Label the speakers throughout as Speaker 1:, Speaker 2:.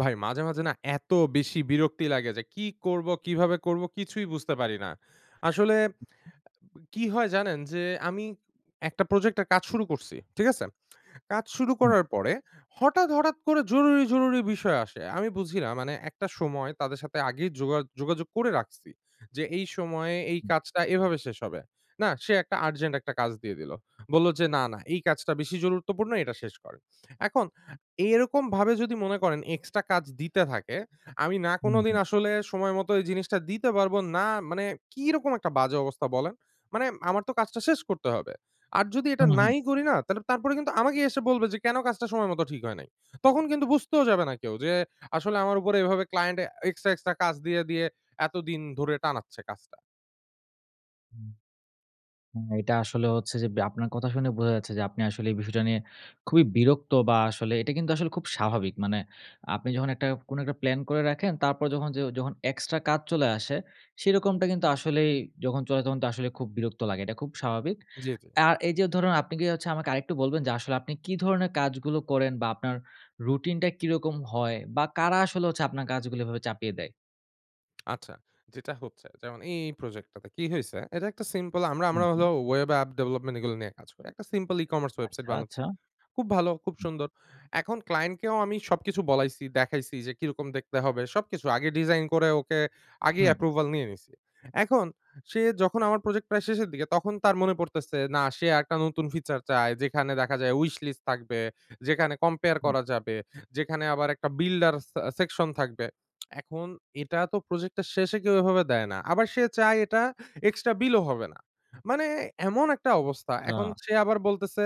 Speaker 1: ভাই মাঝে, মাঝে না এত বেশি বিরক্তি লাগে, যে কি করব? কিভাবে করব? কিছুই বুঝতে পারি না। আসলে কি হয় জানেন? যে আমি একটা প্রজেক্টে এর কাজ শুরু করছি। ঠিক আছে? কাজ শুরু
Speaker 2: হুম।
Speaker 1: করার পরে হঠাৎ, হঠাৎ করে জরুরি, জরুরি বিষয় আসে! আমি বুঝি না মানে একটা সময়, তাদের সাথে আগেই যোগা যোগাযোগ করে রাখছি। যে এই সময়ে, এই
Speaker 2: হুম।
Speaker 1: কাজটা, এভাবে শেষ হবে। না, সে একটা আর্জেন্ট ১ টা কাজ দিয়ে দিল। বলল যে "না, না এই কাজটা বেশি গুরুত্বপূর্ণ এটা শেষ করেন।" এখন, এরকম ভাবে যদি মনে করেন এক্সট্রা কাজ দিতে থাকে, আমি না কোনোদিন
Speaker 2: উম-হুম।
Speaker 1: আসলে সময়মত এই জিনিসটা দিতে পারব, না মানে কিরকম একটা বাজে অবস্থা বলেন? মানে আমার তো কাজটা শেষ করতে হবে। আর যদি এটা
Speaker 2: হুম, হুম।
Speaker 1: নাই করি না, তালে তারপরে কিন্তু আমাকেই এসে বলবে, যে "কেন কাজটা সময়মত ঠিক হয় নাই?" তখন কিন্তু বুঝতেও যাবে না কেউ, যে আসলে আমার উপরে এভাবে ক্লায়েন্টে আ এক্সট্রা, এক্সট্রা কাজ দিয়ে দিয়ে, এতদিন ধরে টানাচ্ছে কাজটা।
Speaker 2: হুম। হ্যাঁ, এটা আসলে হচ্ছে যে, ব্যা আপনার কথা শুনে বোঝা যাচ্ছে, যে আপনি আসলে এই বিষয়টা নিয়ে খুবই বিরক্ত বা আসলে এটা কিন্তু আসলে খুব স্বাভাবিক। মানে আপনি যখন একটা কোন একটা প্লান করে রাখেন, তারপর যখন যে যখন এক্সট্রা কাজ চলে আসে, সেরকমটা কিন্তু আসলেই যখন চলে তখন তো আসলে খুব বিরক্ত লাগে। এটা খুব স্বাভাবিক।
Speaker 1: জি, জি।
Speaker 2: আর এই যে ধরুন, আপনি কি হচ্ছে আমাকে আরেকটু বলবেন যে আসলে আপনি কি ধরনের কাজগুলো করেন? বা আপনার রুটিন টা কিরকম হয়? বা কারা আসলে হচ্ছে আপনার কাজগুলো এভাবে চাপিয়ে দেয়?
Speaker 1: আচ্ছা, যেটা হচ্ছে যেমন এই, এই প্রজেক্টটাতে, কি হইছে? এটা একটা সিম্পল আমরা, আমরা
Speaker 2: হুম, হুম।
Speaker 1: হলো web app development এগুলো নিয়ে কাজ করি। একটা সিম্পল e-commerce ওয়েবসাইট
Speaker 2: আচ্ছা,
Speaker 1: বানাচ্ছি।
Speaker 2: আচ্ছা?
Speaker 1: খুব ভালো, খুব
Speaker 2: হুম।
Speaker 1: সুন্দর। এখন ক্লায়েন্টকেও আমি সবকিছু বলাইছি, দেখাইছি যে কি রকম দেখতে হবে, সবকিছু। আগে ডিজাইন করে ওকে আগেই
Speaker 2: হুম।
Speaker 1: অ্যাপ্রুভাল নিয়ে নিছি। এখন সে যখন আমার প্রজেক্ট প্রায় শেষের দিকে তখন তার মনে পড়তেছে না সে আরেকটা নতুন ফিচার চায়। যেখানে দেখা যায় উইশলিস্ট থাকবে, যেখানে কম্পেয়ার
Speaker 2: হুম।
Speaker 1: করা যাবে, যেখানে আবার একটা বিল্ডার সে সেকশন থাকবে। এখন এটা তো প্রজেক্টটা শেষে কেউ এভাবে দেয় না। আবার সে চায় এটা এক্সট্রা বিলও হবে না। মানে এমন একটা অবস্থা! এখন
Speaker 2: আচ্ছা।
Speaker 1: সে আবার বলতেছে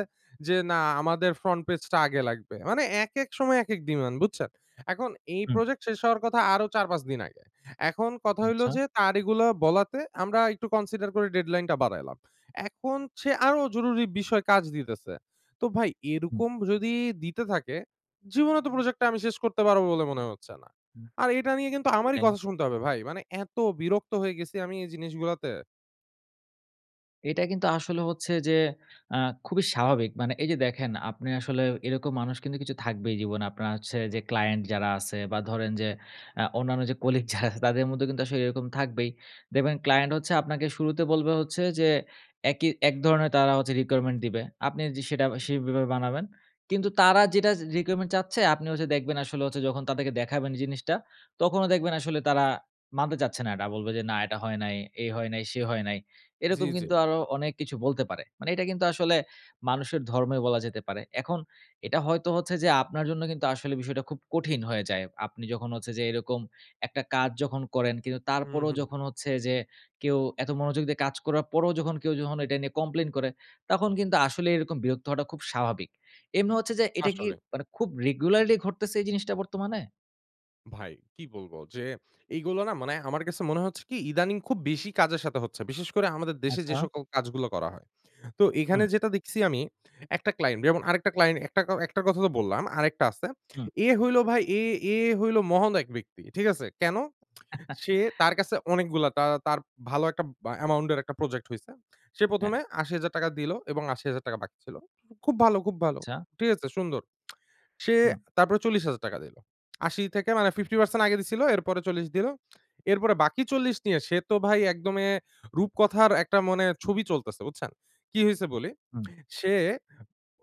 Speaker 1: যে না আমাদের ফ্রন্ট পেজটা আগে লাগবে। মানে একেক সময় একেক ডিমান্ড, বুঝছেন? এখন এই
Speaker 2: হুম।
Speaker 1: প্রজেক্ট শেষ হওয়ার কথা আরো ৪-৫ দিন আগে। এখন কথা হইলো
Speaker 2: আচ্ছা?
Speaker 1: যে, তার এগুলা বলাতে আমরা একটু কনসিডার করে ডেডলাইনটা বাড়াইলাম। এখন সে আরো জরুরি বিষয় কাজ দিতেছে। তো ভাই
Speaker 2: হুম।
Speaker 1: এরকম যদি দিতে থাকে, জীবনেও তো প্রজেক্টটা আমি শেষ করতে পারব বলে মনে হচ্ছে না!
Speaker 2: হুম,
Speaker 1: আর এটা নিয়ে কিন্তু আমারই
Speaker 2: সেটাই।
Speaker 1: কথা শুনতে হবে, ভাই! মানে এত বিরক্ত হয়ে গেছি আমি এই জিনিসগুলাতে!
Speaker 2: এটা কিন্তু আসলে হচ্ছে যে আ খুবই স্বাভাবিক। মানে এই যে দেখেন আপনি আসলে এরকম মানুষ কিন্তু কিছু থাকবেই জীবনে। আপনার হচ্ছে যে ক্লায়েন্ট যারা আছে বা, ধরেন যে আ অন্যান্য যে কলিগ যারা আছে তাদের মধ্যেও কিন্তু আসলে এরকম থাকবেই। দেখবেন ক্লায়েন্ট হচ্ছে আপনাকে শুরুতে বলবে হচ্ছে যে, একি এক ধরনের তারা হচ্ছে requirement দিবে। আপনি যে সেটা সেইভাবে বানাবেন। কিন্তু তারা যেটা জি re requirement চাচ্ছে আপনি ওইযে দেখবেন আসলে হচ্ছে যখন তাদেরকে দেখাবেন জিনিসটা, তখনও দেখবেন আসলে তারা মানতে চাচ্ছে না এটা। বলবে যে, "না এটা হয় নাই, এই হয় নাই, সেই হয় নাই।"
Speaker 1: জি,
Speaker 2: এরকম
Speaker 1: জি।
Speaker 2: কিন্তু আরো অনেক কিছু বলতে পারে। মানে এইটা কিন্তু আসলে মানুষের ধর্মেও বলা যেতে পারে। এখন এটা হয়তো হচ্ছে যে আপনার জন্য কিন্তু আসলে বিষয়টা খুব কঠিন হয়ে যায়। আপনি যখন হচ্ছে যে এরকম একটা কাজ যখন করেন, কিন্তু
Speaker 1: হুহ,
Speaker 2: তারপরেও
Speaker 1: হুহ।
Speaker 2: যখন হচ্ছে যে কেউ এত মনোযোগ দিয়ে কাজ করার পরেও যখন কেউ যখন এটা নিয়ে কমপ্লেইন করে, তখন কিন্তু আসলে এইরকম বিরক্ত হওয়াটা খুব স্বাভাবিক। এমনি হচ্ছে যে এটা কি
Speaker 1: আসলে।
Speaker 2: মানে খুব রেগুলারলি ঘটতেছে এই জিনিসটা বর্তমানে?
Speaker 1: ভাই, কি বলব যে এইগুলা না মানে আমার কাছে মনে হচ্ছে কি ইদানিং খুব বেশি কাজের সাথে হচ্ছে। বিশেষ করে আমাদের দেশে যে
Speaker 2: আচ্ছা।
Speaker 1: সকল কাজগুলো করা হয়। তো এইখানে
Speaker 2: হুম।
Speaker 1: যেটা দেখছি আমি একটা ক্লায়েন্ট যেমন আরেকটা ক্লায়েন্ট একটাকাও একটার কথা তো বললাম। আরেকটা আছে।
Speaker 2: হুম।
Speaker 1: এ হলো ভাই এ এ হইলো মহান এক ব্যক্তি। ঠিক আছে? কেন? সে তার কাছে অনেকগুলা তা তার ভালো একটা ব অ্যামাউন্টের একটা প্রজেক্ট হইছে। সে
Speaker 2: হ্যাঁ।
Speaker 1: প্রথমে ৮০০০০ টাকা দিলো এবং ৮০০০০ টাকা বাকি ছিল। খুব ভালো, খুব ভালো।
Speaker 2: আচ্ছা।
Speaker 1: ঠিক আছে? সুন্দর। সে
Speaker 2: হুম।
Speaker 1: তারপরে ৪০০০০ টাকা দিল। ৮০ থেকে মানে 50 পারসেন্ট আগে দিছিল, এরপরে ৪০ দিলো। এরপরে বাকি ৪০ নিয়ে সে তো ভাই একদম এ রূপকথার একটা মানে ছবি চলতেছে। বুঝছেন? কী হইছে বলি।
Speaker 2: হুম।
Speaker 1: সে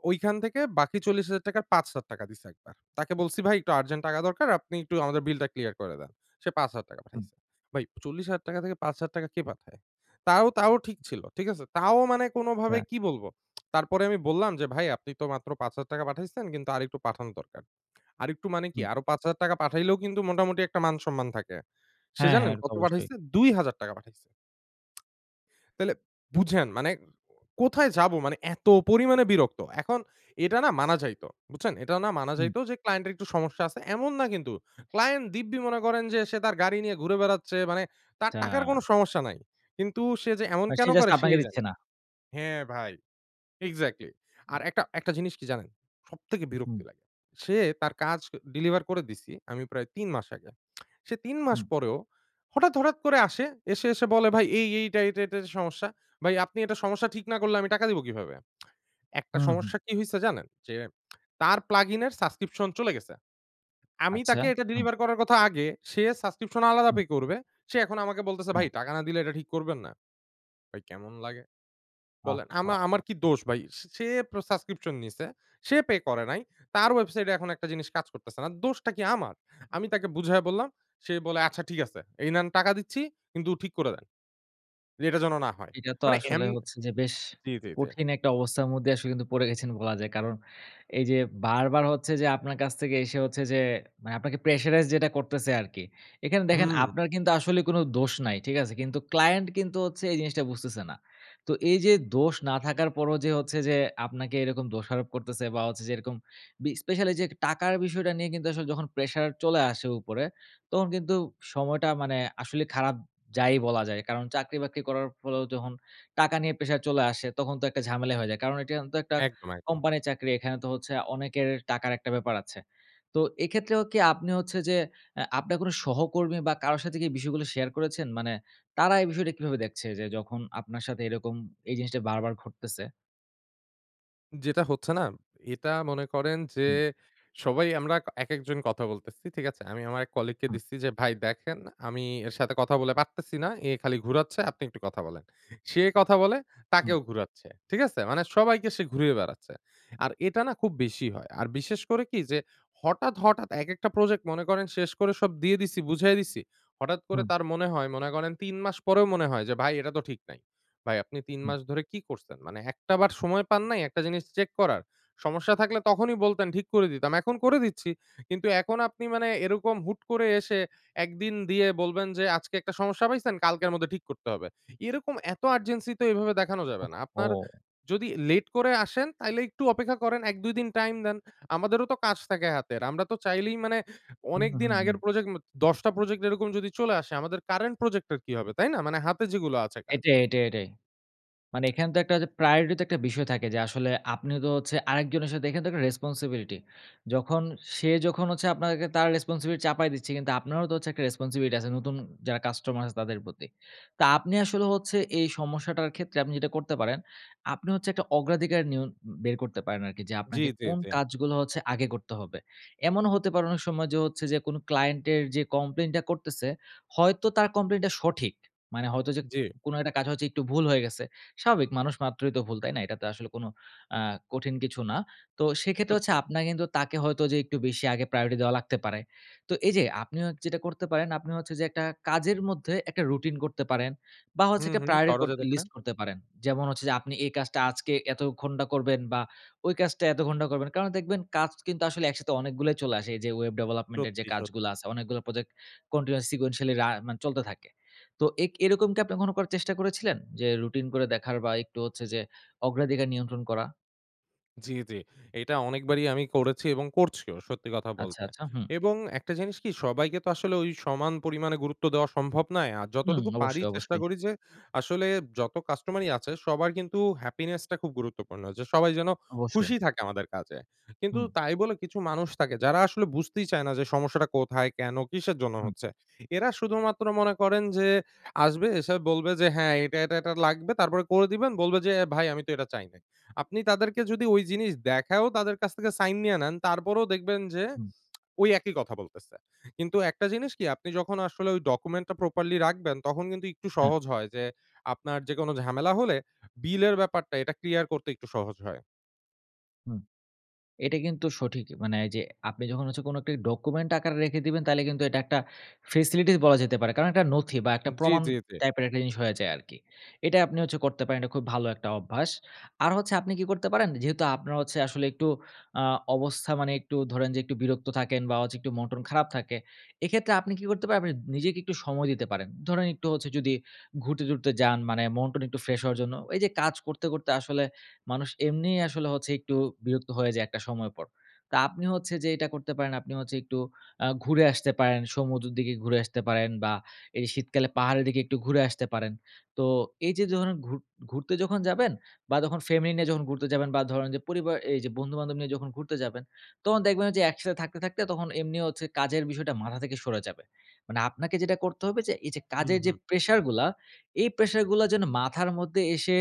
Speaker 1: ওইখান থেকে বাকি ৪০০০০ টাকার ৫০০০ টাকা দিছে একবার। তাকে বলছি ভাই, "একটু আর্জেন্ট টাকা দরকার। আপনি একটু আমাদের বিলটা ক্লিয়ার করে দেন।" সে ৫০০০ টাকা
Speaker 2: হুম।
Speaker 1: পাঠাইছে। ভাই ৪০০০০ টাকা থেকে ৫০০০ টাকা কে পাঠায়? তাও তাও ঠিক ছিল। ঠিক আছে? তাও মানে কোনোভাবে
Speaker 2: আচ্ছা।
Speaker 1: কী বলবো? তারপরে আমি বললাম যে, "ভাই আপনি তো মাত্র ৫০০০ টাকা পাঠাইছেন কিন্তু আরেকটু পাঠানো দরকার।" আরেকটু মানে কি?
Speaker 2: হুম।
Speaker 1: আরো ৫০০০ টাকা পাঠাইলেও কিন্তু মোটামুটি একটা মান-সম্মান থাকে। সে
Speaker 2: হ্যাঁ, হ্যাঁ।
Speaker 1: জানেন
Speaker 2: এটাতো
Speaker 1: কত
Speaker 2: অবশ্যই।
Speaker 1: পাঠাইছে? ২ টাকা পাঠাইছে। তাইলে বুঝেন মানে কোথায় যাবো? মানে এত পরিমাণে বিরক্ত! এখন এটা না মানা যাইত। বুঝছেন? এটা না মানা
Speaker 2: হুম।
Speaker 1: যাইত যে ক্লায়েন্টের একটু সমস্যা আছে। এমন না কিন্তু। ক্লায়েন্ট দিব্যি মনে করেন যে সে তার গাড়ি নিয়ে ঘুরে বেড়াচ্ছে। মানে তার টাকার
Speaker 2: যা!
Speaker 1: কোনো সমস্যা নাই। কিন্তু সে যে এমন
Speaker 2: এ সে
Speaker 1: কেন
Speaker 2: জাস্ট
Speaker 1: করে?
Speaker 2: আপনাকে
Speaker 1: সেই
Speaker 2: দিচ্ছে
Speaker 1: জানে
Speaker 2: না?
Speaker 1: হ্যাঁ, ভাই। এক্সাক্টলি। আর একটা একটা জিনিস কি জানেন? সবথেকে
Speaker 2: হুম।
Speaker 1: বিরক্তি লাগে। সে তার কাজ ক ডেলিভার করে দিছি আমি প্রায় ৩ মাস আগে। সে ৩ মাস
Speaker 2: হুম।
Speaker 1: পরেও হঠাৎ, হঠাৎ করে আসে। এসে, এসে বলে, "ভাই এই, এই এইটা, এইটাতে সমস্যা। ভাই আপনি এটা সমস্যা ঠিক না করলে আমি টাকা দিবো কীভাবে?" একটা
Speaker 2: হুম, হুম।
Speaker 1: সমস্যা কি হইছে জানেন? যে তার plug-in এর সাবস্ক্রিপশন চলে গেছে। আমি
Speaker 2: আচ্ছা।
Speaker 1: তাকে এটা
Speaker 2: হু।
Speaker 1: ডেলিভার করার কথা আগে। সে সাবস্ক্রিপশন আলাদা
Speaker 2: হুম।
Speaker 1: পে করবে। সে এখন আমাকে বলতেছে,
Speaker 2: হ্যাঁ।
Speaker 1: "ভাই টাকা না দিলে এটা ঠিক করবেন না?" ভাই কেমন লাগে? বলেন? আমা আমার
Speaker 2: আহহা।
Speaker 1: কি দোষ ভাই? সে সে প্র সাবস্ক্রিপশন নিছে। সে পে করে নাই। তার ওয়েবসাইটে এখন একটা জিনিস কাজ করতেছে না। দোষটা কি আমার? আমি তাকে বুঝায়ে বললাম, সে বলে, "আচ্ছা ঠিক আছে। এই নেন। টাকা দিচ্ছি কিন্তু ঠিক করে দেন। যে এটা যেন না হয়।"
Speaker 2: এইটা তো
Speaker 1: মানে
Speaker 2: আসলে
Speaker 1: এম
Speaker 2: হচ্ছে যে বেশ
Speaker 1: জি, জি, জি।
Speaker 2: কঠিন একটা অবস্থার মধ্যেই আসলে কিন্তু পড়ে গেছেন বলা যায়। কারণ, এই যে বারবার হচ্ছে যে আপনার কাছ থেকে এসে হচ্ছে যে মানে আপনাকে প্রেশারাইজ যেটা করতেছে আরকি। এখানে দেখেন
Speaker 1: হুমউ।
Speaker 2: আপনার কিন্তু আসলে কোন দোষ নাই। ঠিক আছে? কিন্তু ক্লায়েন্ট কিন্তু হচ্ছে এই জিনিসটা বুঝতেছে না। তো এই যে দোষ না থাকার পরেও যে হচ্ছে যে আপনাকে এরকম দোষারোপ করতেছে বা, হচ্ছে যে এরকম বি স্পেশালি এই যে টাকার বিষয়টা নিয়ে কিন্তু আসলে যখন প্রেশার চলে আসে উপরে, তখন কিন্তু সময়টা মানে আসলে খারাপ যায়ই বলা যায়। কারণ চাকরি-বাকরি করার ফলেও যখন টাকা নিয়ে প্রেশার চলে আসে তখন তো একটা ঝামেলাই হয়ে যায়। কারণ এইটা অন তো একটা
Speaker 1: একদম, একদম।
Speaker 2: কোম্পানির চাকরি। এখানে তো হচ্ছে অনেকের টাকার একটা ব্যাপার আছে। তো এক্ষেত্রেও কি আপনি হচ্ছে যে এ আপনার কোন সহকর্মী বা, কারো সাথে কি এই বিষয়গুলা শেয়ার করেছেন? মানে তারা এই বিষয়টা কিভাবে দেখছে যে যখন আপনার সাথে এরকম এই জিনিসটা বারবার ঘটতেছে?
Speaker 1: যেটা হচ্ছে না, এটা মনে করেন যে
Speaker 2: হুম।
Speaker 1: সবাই আমরা কা একেকজন কথা বলতেছি। ঠিক আছে? আমি আমার এক colleague কে
Speaker 2: হুম।
Speaker 1: দিচ্ছি যে, "ভাই দেখেন, আমি এর সাথে কথা বলে পারতেছি না। এ খালি ঘুরাচ্ছে, আপনি একটু কথা বলেন।" সে কথা বলে,
Speaker 2: হুম।
Speaker 1: তাকেও ঘুরাচ্ছে। ঠিক আছে? মানে সবাইকে সে ঘুরিয়ে বেড়াচ্ছে। আর এটা না খুব বেশি হয়। আর বিশেষ করে কি যে, হঠাৎ, হঠাৎ একেকটা প্রজেক্ট মনে করেন শেষ করে সব দিয়ে দিছি, বুঝায়ে দিছি। হঠাৎ করে
Speaker 2: হুম।
Speaker 1: তার মনে হয়, মনে করেন ৩ মাস পরেও মনে হয় যে, "ভাই এটা তো ঠিক নাই।" ভাই আপনি ৩
Speaker 2: হুম।
Speaker 1: মাস ধরে কি করছেন? মানে একটা বার সময় পান নাই একটা জিনিস চেক করার? সমস্যা থাকলে তখনই বলতেন ঠিক করে দিতাম। এখন করে দিচ্ছি। কিন্তু এখন আপনি মানে এরকম হুট করে এসে একদিন দিয়ে বলবেন যে আজকে একটা সমস্যা পাইছেন, কালকের মধ্যে ঠিক করতে হবে। এইরকম এত urgency তো এইভাবে দেখানো যাবে না। আপনার
Speaker 2: ওহহো!
Speaker 1: যদি late করে আসেন তাইলে একটু অপেক্ষা করেন। ১ ২ দিন টাইম দেন। আমাদেরও তো কাজ থাকে হাতের। আমরা তো চাইলেই মানে
Speaker 2: হু, হু,
Speaker 1: অনেকদিন
Speaker 2: হু,
Speaker 1: আগের
Speaker 2: হু।
Speaker 1: প্রজেক্ট মা ১০ টা প্রজেক্ট এরকম যদি চলে আসে, আমাদের current প্রজেক্টের কি হবে, তাই না? মানে হাতে যেগুলো আছে কাজ।
Speaker 2: এটাই, এটাই, এটাই। মানে এখানে তো একটা ওইযে priority তো একটা বিষয় থাকে যে আসলে আপনিও তো হচ্ছে আরেকজনের সাথে এখানে তো একটা responsibility যখন সে যখন হচ্ছে আপনাকে তার responsibility চাপায় দিচ্ছে, কিন্তু আপনারও তো হচ্ছে একটা responsibility আছে, নতুন যারা কাস্টমার আছে তাদের প্রতি। তা আপনি আসলে হচ্ছে এই সমস্যাটার ক্ষেত্রে আপনি যেটা করতে পারেন, আপনি হচ্ছে একটা অগ্রাধিকার নিয়ন বের করতে পারেন আরকি। যে
Speaker 1: জি,
Speaker 2: আপনাকে
Speaker 1: জি,
Speaker 2: কোন
Speaker 1: জি।
Speaker 2: কাজগুলো হচ্ছে আগে করতে হবে? এমনও হতে পারে অনেক সময় যে হচ্ছে যে কোনো client এর যে কমপ্লেইনটা করতেছে, হয়তো তার কমপ্লেইনটা সঠিক। মানে হয়তো যে,
Speaker 1: জি।
Speaker 2: কোনো একটা কাজ হচ্ছে একটু ভুল হয়ে গেছে, স্বাভাবিক মানুষ মাত্রই তো ভুল। তাই না? এটা তো আসলে কোনো অ্যা কঠিন কিছু না। তো সেক্ষেত্রে হচ্ছে
Speaker 1: সত্যি।
Speaker 2: আপনার কিন্তু তাকে হয়তো যে একটু বেশি আগে priority দেওয়া লাগতে পারে। তো এইযে আপনি হচ্ছে যেটা করতে পারেন, আপনি হচ্ছে যে একটা কাজের মধ্যে একটা রুটিন করতে পারেন। বা হচ্ছে
Speaker 1: হুম,
Speaker 2: একটা
Speaker 1: হুম।
Speaker 2: priority
Speaker 1: করা
Speaker 2: কর
Speaker 1: যেতে পারে।
Speaker 2: লিস্ট করতে পারেন। যেমন হচ্ছে যে আপনি এই কাজটা আজকে এত ঘন্টা করবেন বা ওই কাজটা এত ঘন্টা করবেন। কারণ, দেখবেন কাজ কিন্তু আসলে একসাথে অনেকগুলাই চলে আসে। এইযে ওয়েব ডেভেলপমেন্টের যে
Speaker 1: সত্যি,
Speaker 2: কাজগুলা
Speaker 1: সত্যি।
Speaker 2: আছে। অনেকগুলো প্রজেক্ট continuous sequentially রা মানে চলতে থাকে। তো এক এরকম কি আপনি কখনো করার চেষ্টা করেছিলেন? যে রুটিন করে দেখার বা একটু হচ্ছে যে অগ্রাধিকার নিয়ন্ত্রণ করা?
Speaker 1: জ্বি, জ্বি। এইটা অনেকবারই আমি করেছি এবং করছিও, সত্যি কথা
Speaker 2: আচ্ছা,
Speaker 1: বলতে।
Speaker 2: আচ্ছা হুম।
Speaker 1: এবং একটা জিনিস কি সবাইকে তো আসলে ওই সমান পরিমাণে গুরুত্ব দেওয়া সম্ভব নয় আ
Speaker 2: হুম
Speaker 1: যতটুকু পারি
Speaker 2: অবশ্যই,
Speaker 1: চেষ্টা
Speaker 2: অবশ্যই।
Speaker 1: করি যে, আসলে যত কাস্টমারই আছে সবার কিন্তু happiness টা খুব গুরুত্বপূর্ণ। যে সবাই যেন
Speaker 2: অবশ্যই।
Speaker 1: খুশি থাকে আমাদের কাজে। কিন্তু
Speaker 2: হুম।
Speaker 1: তাই বলে কিছু মানুষ থাকে, যারা আসলে বুঝতেই চায় না যে সমস্যাটা কোথায়, কেন, কিসের জন্য
Speaker 2: হুম।
Speaker 1: হচ্ছে? এরা শুধুমাত্র মনে করেন যে, আসবে এসে বলবে যে, "হ্যাঁ এটা, এটা, এটা লাগবে।" তারপরে করে দিবেন বলবে যে, "ভাই আমি তো এটা চাই নাই।" আপনি তাদেরকে যদি ঐ জিনিস দেখায়ও তাদের কাছ থেকে sign নিয়ে নেন, তারপরেও দেখবেন যে
Speaker 2: হুম।
Speaker 1: ওই একই কথা বলতেছে। কিন্তু একটা জিনিস কি আপনি যখন আসলে ওই document টা properly রাখবেন তখন কিন্তু একটু
Speaker 2: হ্যাঁ।
Speaker 1: সহজ হয় যে, আপনার যেকোনো ঝামেলা হলে, bill এর ব্যাপারটা এটা clear করতে একটু সহজ হয়।
Speaker 2: হুম। এটা কিন্তু সঠিকই মানে এইযে আপনি যখন হচ্ছে কোন একটা document আকারে রেখে দিবেন তাইলে কিন্তু এটা একটা facility বলা যেতে পারে, কারণ একটা নথি বা একটা
Speaker 1: উম-জ্বী,
Speaker 2: প্রমাণ
Speaker 1: জ্বী, জ্বী।
Speaker 2: type এর জিনিস হয়ে যায় আরকি। এটাই আপনি হচ্ছে করতে পারেন, এটা খুব ভালো একটা অভ্যাস। আর হচ্ছে আপনি কি করতে পারেন? যেহেতু আপনার হচ্ছে আসলে একটু আ অবস্থা মানে একটু ধরেন যে একটু বিরক্ত থাকেন বা হচ্ছে একটু মন-টন খারাপ থাকে। এক্ষেত্রে আপনি কি করতে পারবেন? আপনি নিজেকে একটু সময় দিতে পারেন। ধরেন একটু হচ্ছে যদি ঘুরতে-টুরতে যান মানে মন-টন একটু ফ্রেশ হওয়ার জন্য। এই যে কাজ করতে, করতে আসলে মানুষ এমনিই আসলে হচ্ছে একটু বিরক্ত হয়ে যায় একটা সময় পর। তা আপনি হচ্ছে যে এটা করতে পারেন। আপনি হচ্ছে একটু আ ঘুরে আসতে পারেন, সমুদ্রর দিকে ঘুরে আসতে পারেন বা এই শীতকালে পাহাড়ের দিকে একটু ঘুরে আসতে পারেন। তো এই যে যখন ঘুর ঘুরতে যখন যাবেন বা যখন ফ্যামিলি নিয়ে যখন ঘুরতে যাবেন বা ধরেন যে পরিবার এই যে বন্ধু-বান্ধব নিয়ে যখন ঘুরতে যাবেন তখন দেখবেন ওইযে যে একসাথে থাকতে, থাকতে তখন এমনি হচ্ছে কাজের বিষয়টা মাথা থেকে সরে যাবে। মানে আপনাকে যেটা করতে হবে এই যে
Speaker 1: হুম,
Speaker 2: কাজের যে
Speaker 1: হুম।
Speaker 2: pressure গুলা, এই pressure গুলা যেন মাথার মধ্যে এসে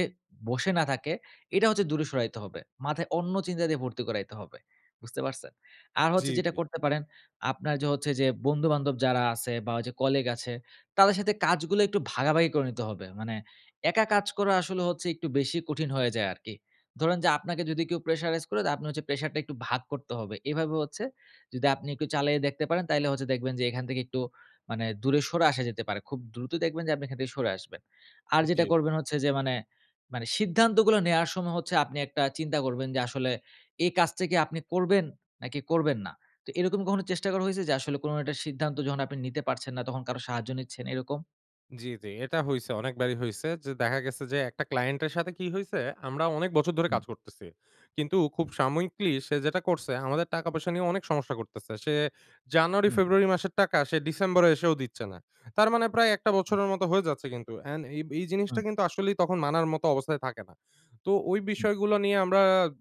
Speaker 2: বসে না থাকে, এটা হচ্ছে দূরে সরাইতে হবে। মাথায় অন্য চিন্তা দিয়ে ভর্তি করাইতে হবে। বুঝতে পারছেন? আর
Speaker 1: জ্বী,
Speaker 2: হচ্ছে যেটা
Speaker 1: জ্বী।
Speaker 2: করতে পারেন, আপনার য হচ্ছে যে বন্ধু-বান্ধব যারা আছে বা ঐযে colleague আছে, তাদের সাথে কাজগুলো একটু ভাগাভাগি করে নিতে হবে। মানে একা কাজ করা আসলে একটু বেশি কঠিন হয়ে যায় আরকি। ধরেন যে আপনাকে যদি কেউ pressurize করে, তা আপনি হচ্ছে pressure টা একটু ভাগ করতে হবে। এভাবে হচ্ছে যদি আপনি একটু চালিয়ে দেখতে পারেন তাইলে হচ্ছে দেখবেন যে এখান থেকে একটু মানে দূরে সরে আসা যেতে পারে। খুব দ্রুত দেখবেন যে আপনি এখান থেকে সরে আসবেন। আর যেটা
Speaker 1: উম-জি।
Speaker 2: করবেন হচ্ছে যে মানে মানে সিদ্ধান্তগুলো নেয়ার সময় হচ্ছে আপনি একটা চিন্তা করবেন যে আসলে, এই কাজটা কি আপনি করবেন? নাকি করবেন না? তো এরকম কখনো চেষ্টা করা হইছে যে আসলে কোন একটা সিদ্ধান্ত যখন আপনি নিতে পারছেন না, তখন কারো সাহায্য নিচ্ছেন এরকম?
Speaker 1: জি, জি। এটা হইছে অনেকবারই হইছে। যে দেখা গেছে যে একটা ক্লায়েন্টের সাথে কি হইছে? আমরা অনেক বছর ধরে
Speaker 2: হুম।
Speaker 1: কাজ করতেছি। কিন্তু খুব সাময়িকলি সে যেটা করছে, আমাদের টাকা-পয়সা নিয়ে অনেক সমস্যা করতেছে। সে
Speaker 2: হুম।
Speaker 1: জানুয়ারি-ফেব্রুয়ারি মাসের টাকা সে ডিসেম্বরে এসেও দিচ্ছে না। তার মানে প্রায় ১ টা
Speaker 2: হুম।
Speaker 1: বছরের মতো হয়ে যাচ্ছে কিন্তু, এন্ড এই এই জিনিসটা
Speaker 2: হুম।
Speaker 1: কিন্তু আসলেই তখন মানার মত অবস্থায় থাকে না। তো ওই
Speaker 2: হুম।
Speaker 1: বিষয়গুলো নিয়ে আমরা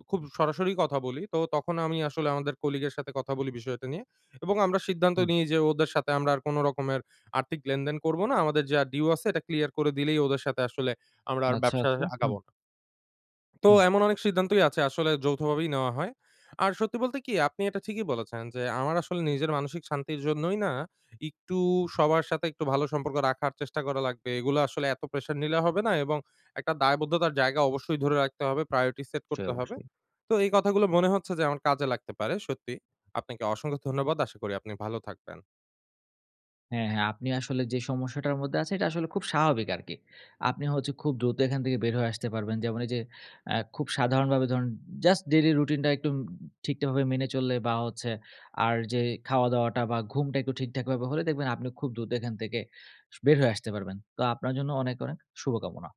Speaker 1: খুব সরাসরি কথা বলি। তো তখন আমি আসলে আমাদের কলিগের সাথে কথা বলি বিষয়টা নিয়ে, এবং আমরা সিদ্ধান্ত
Speaker 2: হুম।
Speaker 1: নেই যে ওদের সাথে আমরা আর কোনো রকমের আর্থিক লেনদেন করব না। আমাদের যা ডিউ আছে এটা ক্লিয়ার করে দিলেই ওদের সাথে আসলে আমরা আর
Speaker 2: আচ্ছা,
Speaker 1: ব্যবসা
Speaker 2: আচ্ছা। হুম।
Speaker 1: আগাবো না। তো
Speaker 2: হুম।
Speaker 1: এমন অনেক সিদ্ধান্তই আছে, আসলে যৌথভাবেই নেওয়া হয়। আর সত্যি বলতে কি? আপনি এটা ঠিকই বলেছেন যে আমার আসলে নিজের মানসিক শান্তির জন্যই না, একটু সবার সাথে একটু ভালো সম্পর্ক রাখার চেষ্টা করা লাগবে। এগুলা আসলে এত প্রেশার নিলে হবে না, এবং একটা দায়বদ্ধতার জায়গা অবশ্যই ধরে রাখতে হবে, priority set
Speaker 2: জি
Speaker 1: করতে হবে।
Speaker 2: অবশ্যই।
Speaker 1: তো এই কথাগুলো মনে হচ্ছে যে আমার কাজে লাগতে পারে। সত্যি, আপনাকে অসংখ্য ধন্যবাদ। আশা করি আপনি ভালো থাকবেন।
Speaker 2: হ্যাঁ, হ্যাঁ আপনি আসলে যে সমস্যাটার মধ্যে আছেন, এটা আসলে খুব স্বাভাবিক আরকি। আপনি হচ্ছে খুব দ্রুত এখান থেকে বের হয়ে আসতে পারবেন। যেমন এই যে আ খুব সাধারণভাবে ধরুন just daily রুটিন টা একটু ঠিকঠাকভাবে মেনে চললে, বা হচ্ছে আর যে খাওয়াদাওয়াটা বা ঘুমটা একটু ঠিকঠাক ভাবে হলে দেখবেন, আপনি খুব দ্রুত এখান থেকে স বের হয়ে আসতে পারবেন। তো আপনার জন্য অনেক, অনেক শুভকামনা।